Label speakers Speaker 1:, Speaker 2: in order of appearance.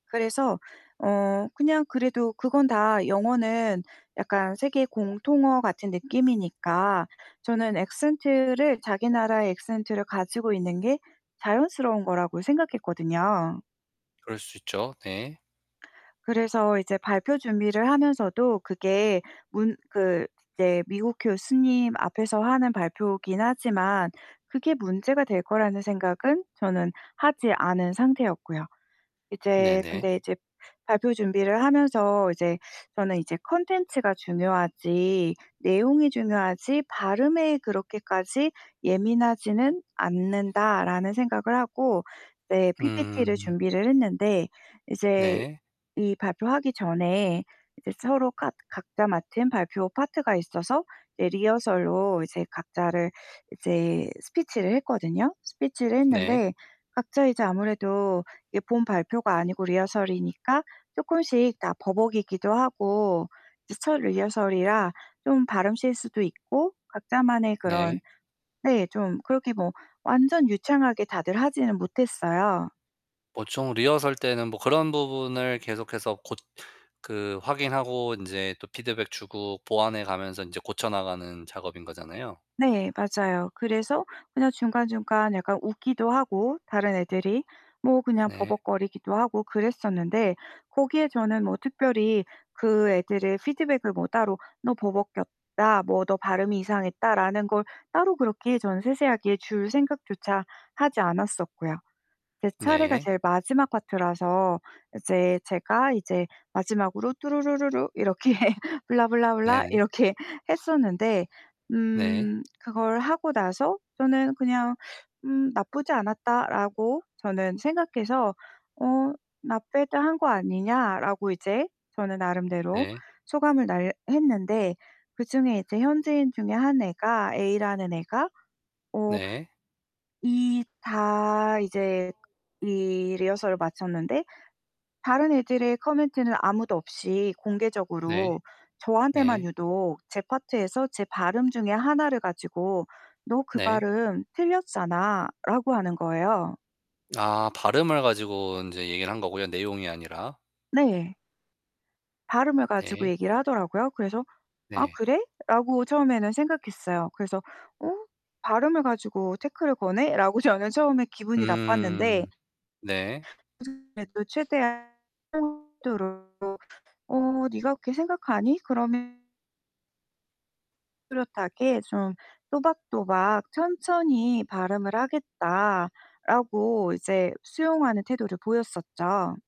Speaker 1: 그래서 어 그냥 그래도 그건 다 영어는 약간 세계 공통어 같은 느낌이니까 저는 엑센트를 자기 나라의 액센트를 가지고 있는 게 자연스러운 거라고 생각했거든요.
Speaker 2: 그럴 수 있죠. 네.
Speaker 1: 그래서 이제 발표 준비를 하면서도 그게 문 그 이제 미국 교수님 앞에서 하는 발표이기는 하지만 그게 문제가 될 거라는 생각은 저는 하지 않은 상태였고요. 이제
Speaker 2: 네네.
Speaker 1: 근데 이제 발표 준비를 하면서 이제 저는 이제 '콘텐츠가 중요하지 내용이 중요하지 발음에 그렇게까지 예민하지는 않는다.'라는 생각을 하고 네 PPT를
Speaker 2: 음.
Speaker 1: 준비를 했는데 이제
Speaker 2: 네.
Speaker 1: 이 발표하기 전에 이제 서로가 각자 맡은 발표 파트가 있어서 이제 리허설로 이제 각자를 이제 스피치를 했거든요. 스피치를
Speaker 2: 네.
Speaker 1: 했는데 각자 이제 아무래도 이게 본 발표가 아니고 리허설이니까 쪼끔씩 다 버벅이기도 하고 이제 첫 리허설이라 좀 발음 실수도 있고 각자만의 그런
Speaker 2: 네.
Speaker 1: 네 좀 그렇게 뭐 완전 유창하게 다들 하지는 못했어요.
Speaker 2: 보통 리허설 때는 뭐 그런 부분을 계속해서 곳 그 확인하고 인제 또 피드백 주고 보완해 가면서 인제 고쳐 나가는 작업인 거잖아요.
Speaker 1: 네 맞아요. 그래서 그냥 중간중간 약간 웃기도 하고 다른 애들이 뭐 그냥
Speaker 2: 네.
Speaker 1: 버벅거리기도 하고 그랬었는데 거기에 저는 뭐 특별히 그 애들의 피드백을 뭐 따로 "너 버벅였다." 뭐 "너 발음이 이상했다."라는 걸 따로 그렇게 저는 세세하게 줄 생각조차 하지 않았었고요. 제 차례가
Speaker 2: 네.
Speaker 1: 제일 마지막 파트라서 이제 제가 이제 마지막으로 뚜루루루루 이렇게 blah blah blah
Speaker 2: 네네.
Speaker 1: 이렇게 했었는데
Speaker 2: 네.
Speaker 1: 음 그걸 하고 나서 저는 그냥 '음 나쁘지 않았다.'라고 저는 생각해서 어' not bad 한 거 아니냐?'라고 이제 저는 나름대로
Speaker 2: 네.
Speaker 1: 소감을 날 했는데 그중에 이제 현지인 중에 한 애가 A라는 애가 어
Speaker 2: 네.
Speaker 1: 이 다 이제 이 리허설을 마쳤는데 다른 애들의 코멘트는 아무도 없이
Speaker 2: 네.
Speaker 1: 공개적으로 저한테만
Speaker 2: 네.
Speaker 1: 유독 제 파트에서 제 발음 중에 하나를 가지고 "너 그
Speaker 2: 네.
Speaker 1: 발음 틀렸잖아."라고 하는 거예요.
Speaker 2: 아 발음을 가지고 인제 얘기를 한 거고요, 내용이 아니라.
Speaker 1: 네. 발음을 가지고
Speaker 2: 네.
Speaker 1: 얘기를 하더라고요. 그래서 '아
Speaker 2: 네.
Speaker 1: 그래?'라고 처음에는 생각했어요. 그래서 '어? 발음을 가지고 태클을 거네?'라고 저는 처음에 기분이 나빴는데
Speaker 2: 음. 네.
Speaker 1: [unintelligible] 래도 최대한 [unintelligible] "어 네가 그렇게 생각하니? 그럼" "뚜렷하게 좀 또박또박 천천히 발음을 하겠다."라고 이제 수용하는 태도를 보였었죠.